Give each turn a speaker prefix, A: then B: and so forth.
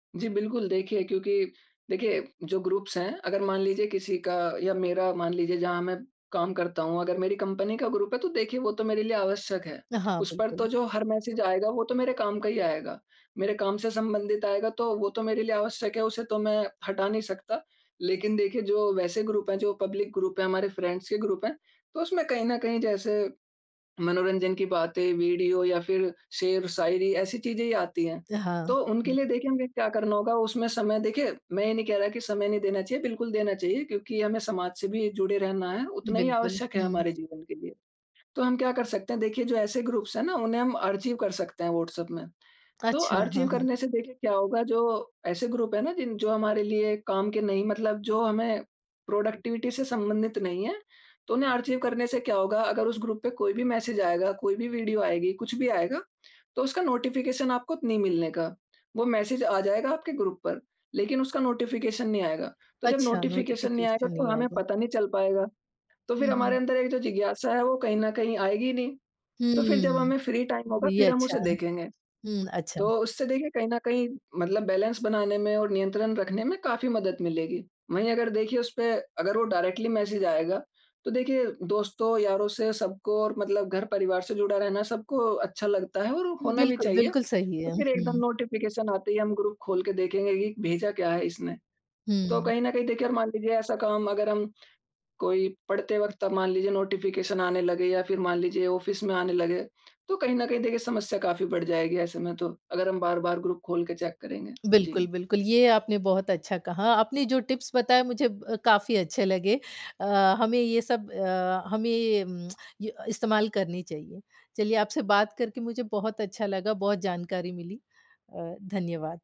A: जी बिल्कुल। देखिए, क्योंकि देखिए, जो ग्रुप्स हैं अगर मान लीजिए किसी का या मेरा मान लीजिए जहाँ मैं काम करता हूँ अगर मेरी कंपनी का ग्रुप है तो देखिए वो तो मेरे लिए आवश्यक है।
B: अ, हाँ,
A: उस पर तो
B: बिल्कुल।
A: जो हर मैसेज़ आएगा वो तो मेरे काम का ही आएगा, मेरे काम से संबंधित आएगा तो वो तो मेरे लिए आवश्यक है, उसे तो मैं हटा नहीं सकता। लेकिन देखिए जो वैसे ग्रुप हैं, जो पब्लिक ग्रुप हैं, हमारे फ्रेंड्स के ग्रुप हैं, तो उसमें कहीं न कहीं जैसे मनोरंजन की बातें वीडियो या फिर शेर-शायरी ऐसी चीज़ें ही आती हैं,
B: अ, हाँ।
A: तो उनके लिए देखिए हमें क्या करना होगा उसमें समय देखिए, मैं ये नहीं कह रहा कि समय नहीं देना चाहिए, बिल्कुल देना चाहिए क्योंकि हमें समाज से भी जुड़े रहना है, उतना ही
B: बिल्कुल।
A: आवश्यक है
B: हुँ।
A: हमारे जीवन के लिए। तो हम क्या कर सकते हैं देखिए जो ऐसे ग्रुप्स है ना उन्हें हम आर्चीव कर सकते हैं व्हाट्सएप में। तो
B: अच्छा। हाँ,
A: आर्चीव
B: हाँ।
A: करने से देखिए क्या होगा जो ऐसे ग्रुप है ना जिन जो हमारे लिए काम के नहीं मतलब जो हमें प्रोडक्टिविटी से संबंधित नहीं है तो उन्हें आर्चीव करने से क्या होगा अगर उस ग्रुप पे कोई भी मैसेज़ आएगा, कोई भी वीडियो आएगी, कुछ भी आएगा तो उसका नोटिफ़िकेशन आपको नहीं मिलने का। वो मैसेज़ आ जाएगा आपके ग्रुप पर लेकिन उसका नोटिफ़िकेशन नहीं आएगा। तो जब
B: अच्छा,
A: नोटिफ़िकेशन नहीं आएगा
B: नोटिफ़िकेशन
A: तो
B: नहीं
A: हमें
B: आएगा।
A: पता नहीं चल पाएगा। तो फिर
B: हुँ,
A: हमारे
B: हुँ।
A: अंदर एक जो जिज्ञासा है वो कहीं न कहीं आएगी ही नहीं। तो फिर जब
B: हुँ।
A: हमें फ्री टाइम होगा
B: ये
A: फिर हम
B: अच्छा
A: उसे देखेंगे।
B: हुँ। अच्छा।
A: तो उससे देखिए कहीं न कहीं मतलब बैलेंस बनाने में और नियंत्रण रखने में काफ़ी मदद मिलेगी। वहीं अगर देखिए उसपे अगर वो डायरेक्टली मैसेज़ आएगा तो देखिए दोस्तों, यारों से सबको और मतलब घर परिवार से जुड़ा रहना सबको अच्छा लगता है और होना भी
B: बिल्कुल।
A: चाहिए।
B: बिल्कुल सही है,
A: तो फिर एकदम
B: हुँ।
A: नोटिफ़िकेशन आते ही हम ग्रुप खोल के देखेंगे कि भेजा क्या है इसने? तो
B: हुँ।
A: कहीं न कहीं देखिए मान लीजिए ऐसा काम अगर हम कोई पढ़ते वक़्त अब मान लीजिए नोटिफ़िकेशन आने लगे या फिर मान लीजिए ऑफ़िस में आने लगे तो कहीं न कहीं देखिए समस्या काफ़ी बढ़ जाएगी ऐसे में तो, अगर हम बार-बार ग्रुप खोल के चेक करेंगे।
B: बिल्कुल,
A: जी।
B: बिल्कुल। ये आपने बहुत अच्छा कहा। आपने जो टिप्स बताए, मुझे काफ़ी अच्छे लगे। अ, हमें ये सब अ, हमें इस्तेमाल करनी चाहिए। चलिए आपसे बात करके मुझे बहुत अच्छा लगा, बहुत जानकारी मिली। अ, धन्यवाद।